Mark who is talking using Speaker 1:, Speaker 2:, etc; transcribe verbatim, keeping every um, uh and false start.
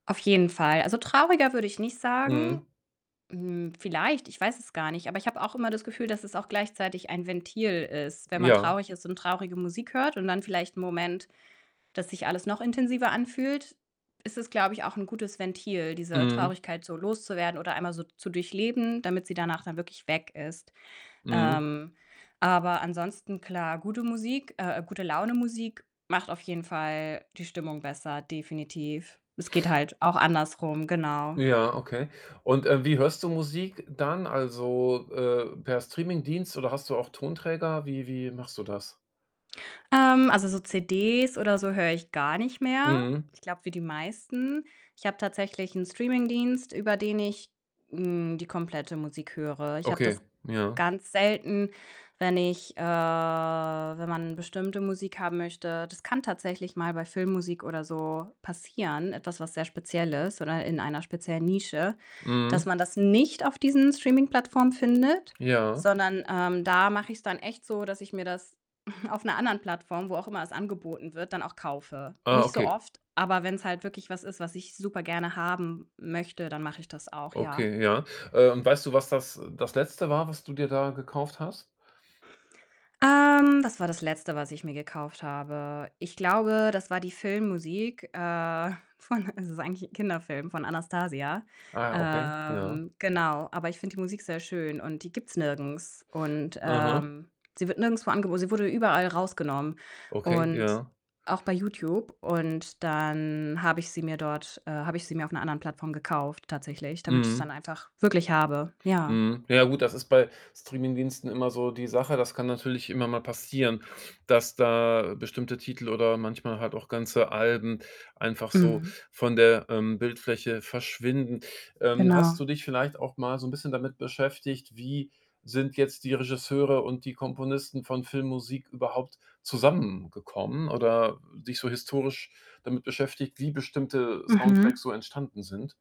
Speaker 1: Auf jeden Fall. Also, trauriger würde ich nicht sagen.
Speaker 2: Mhm.
Speaker 1: Hm, vielleicht, ich weiß es gar nicht. Aber ich habe auch immer das Gefühl, dass es auch gleichzeitig ein Ventil ist. Wenn man
Speaker 2: Ja.
Speaker 1: traurig ist und traurige Musik hört und dann vielleicht 'n Moment, dass sich alles noch intensiver anfühlt, ist es, glaube ich, auch 'n gutes Ventil, diese
Speaker 2: Mhm.
Speaker 1: Traurigkeit so loszuwerden oder einmal so zu durchleben, damit sie danach dann wirklich weg ist.
Speaker 2: Mhm.
Speaker 1: Ähm, aber ansonsten klar. Gute Musik, äh, Gute Laune-Musik macht auf jeden Fall die Stimmung besser, definitiv. Es geht halt auch andersrum, genau.
Speaker 2: Ja, okay. Und, äh, wie hörst du Musik dann, also, äh, per Streaming-Dienst oder hast du auch Tonträger? Wie wie machst du das?
Speaker 1: Ähm, also so CDs oder so höre ich gar nicht mehr.
Speaker 2: Mhm.
Speaker 1: Ich glaube, wie die meisten. Ich habe tatsächlich 'n Streaming-Dienst, über den ich, hm, die komplette Musik höre. Ich habe
Speaker 2: Okay,
Speaker 1: das
Speaker 2: ja.
Speaker 1: ganz selten, wenn ich, äh wenn man bestimmte Musik haben möchte. Das kann tatsächlich mal bei Filmmusik oder so passieren, etwas was sehr speziell ist oder in einer speziellen Nische, dass
Speaker 2: Mhm.
Speaker 1: man das nicht auf diesen Streaming-Plattformen findet,
Speaker 2: Ja.
Speaker 1: sondern, ähm, da mache ich 's dann echt so, dass ich mir das auf 'ner anderen Plattform, wo auch immer es angeboten wird, dann auch kaufe.
Speaker 2: Ah,
Speaker 1: Nicht so
Speaker 2: okay.
Speaker 1: oft, aber wenn 's halt wirklich was ist, was ich super gerne haben möchte, dann mache ich das auch, ja.
Speaker 2: Okay, ja. Äh, und weißt du, was das das Letzte war, was du dir da gekauft hast?
Speaker 1: Ähm, das war das Letzte, was ich mir gekauft habe. Ich glaube, das war die Filmmusik, äh, von es ist eigentlich 'n Kinderfilm, von „Anastasia“.
Speaker 2: Ah, ja, okay. Ja.
Speaker 1: Ähm, genau. Aber ich finde die Musik sehr schön und die gibt 's nirgends und,
Speaker 2: Aha.
Speaker 1: ähm, sie wird nirgendswo angebo sie wurde überall rausgenommen
Speaker 2: Okay,
Speaker 1: und
Speaker 2: ja.
Speaker 1: auch bei Youtube. Und dann habe ich sie mir dort, äh habe ich sie mir auf 'ner anderen Plattform gekauft, tatsächlich. Damit ich's dann
Speaker 2: Mhm.
Speaker 1: einfach wirklich habe, ja.
Speaker 2: Mhm. Ja gut, das ist bei Streaming-Diensten immer so die Sache. Das kann natürlich immer mal passieren, dass da bestimmte Titel oder manchmal halt auch ganze Alben einfach so
Speaker 1: Mhm.
Speaker 2: von der, ähm, Bildfläche verschwinden. Ähm, hast
Speaker 1: Genau.
Speaker 2: du dich vielleicht auch mal so 'n bisschen damit beschäftigt, wie sind jetzt die Regisseure und die Komponisten von Filmmusik überhaupt zusammengekommen oder dich so historisch damit beschäftigt, wie bestimmte, äh,
Speaker 1: Mhm.
Speaker 2: Soundtracks so entstanden sind?